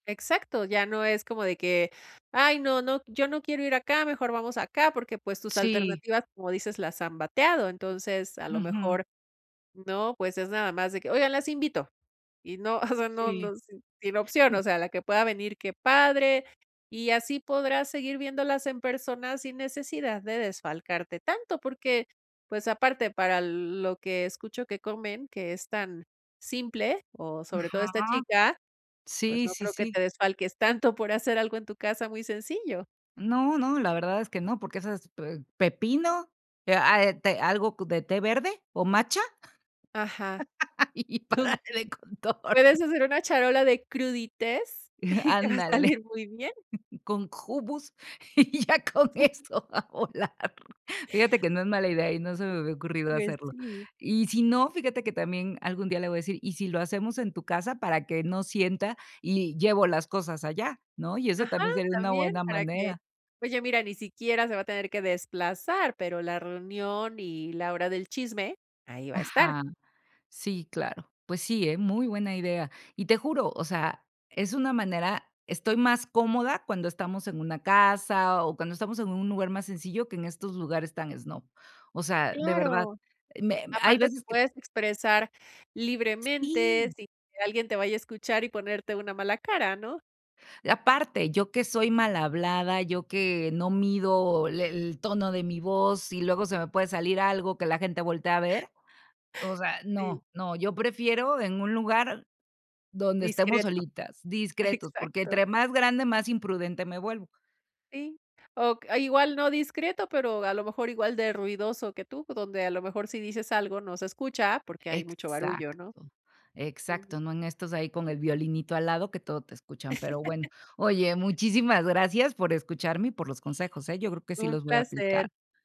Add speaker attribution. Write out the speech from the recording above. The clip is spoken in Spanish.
Speaker 1: Exacto, ya no es como de que: "Ay no, no yo no quiero ir acá, mejor vamos acá", porque, pues, tus
Speaker 2: Sí.
Speaker 1: alternativas, como dices, las han bateado. Entonces a lo
Speaker 2: Ujú.
Speaker 1: mejor, ¿no?, pues es nada más de que: "Oigan, las invito", y no, o sea, no
Speaker 2: Sí.
Speaker 1: no, sin opción, o sea, la que pueda venir, qué padre. Y así podrás seguir viéndolas en persona sin necesidad de desfalcarte tanto, porque, pues, aparte para lo lo que escucho que comen, que es tan simple, o, sobre todo, esta
Speaker 2: Ajá.
Speaker 1: chica, pues,
Speaker 2: Sí,
Speaker 1: no
Speaker 2: sí,
Speaker 1: creo que te
Speaker 2: sí.
Speaker 1: desfalques tanto por hacer algo en tu casa muy sencillo.
Speaker 2: No, no, la verdad es que no, porque esas, pe pepino, eh, a eh, te algo co de té verde, o, matcha,
Speaker 1: Ajá.
Speaker 2: y y
Speaker 1: Un
Speaker 2: parale de contar
Speaker 1: puedes hacer una charola de crudités y te va a
Speaker 2: Ándale.
Speaker 1: salir muy bien.
Speaker 2: Con hummus y ya con eso va a volar. Fíjate que no es mala idea y no se me había ocurrido
Speaker 1: Pues,
Speaker 2: hacerlo.
Speaker 1: sí.
Speaker 2: Y si no, fíjate que también algún día le voy a decir: "Y si lo hacemos en tu casa", para que no sienta y llevo las cosas allá, ¿no? Y esa
Speaker 1: Ajá,
Speaker 2: también sería una
Speaker 1: también.
Speaker 2: buena
Speaker 1: Para que
Speaker 2: manera.
Speaker 1: oye, mira, ni siquiera se va a tener que desplazar, pero la reunión y la hora del chisme, ahí va a estar.
Speaker 2: Ajá, sí, claro. Pues, sí, ¿eh? Muy buena idea. Y te juro, o sea, es una manera estoy más cómoda cuando estamos en una casa, o, cuando estamos en un lugar más sencillo que en estos lugares tan snob. O sea, de verdad,
Speaker 1: Claro.
Speaker 2: me me hay
Speaker 1: Aparte, te
Speaker 2: veces que
Speaker 1: puedes expresar libremente,
Speaker 2: Sí.
Speaker 1: sin que alguien te vaya a escuchar y ponerte una mala cara, ¿no?
Speaker 2: Aparte, yo que soy malhablada, yo, que no mido, le el tono de mi voz, y luego se me puede salir algo que la gente voltea a ver, o sea,
Speaker 1: Sí.
Speaker 2: no, no. Yo prefiero en un lugar donde estemos
Speaker 1: Discreto.
Speaker 2: solitas, discretos, porque
Speaker 1: Exacto.
Speaker 2: entre más grande, más imprudente me vuelvo.
Speaker 1: Sí, o a igual, no discreto, pero, a lo mejor, igual de ruidoso que tú, o, donde, a lo mejor, si dices algo, no se escucha, porque hay mucho barullo,
Speaker 2: Exacto.
Speaker 1: ¿no? Ujú.
Speaker 2: Exacto, no en estos ahí con el violinito al lado que todo te escuchan, pero bueno. Oye, muchísimas gracias por escucharme y por los consejos, ¿eh? Yo creo que sí
Speaker 1: Un
Speaker 2: los voy a
Speaker 1: placer.
Speaker 2: aplicar.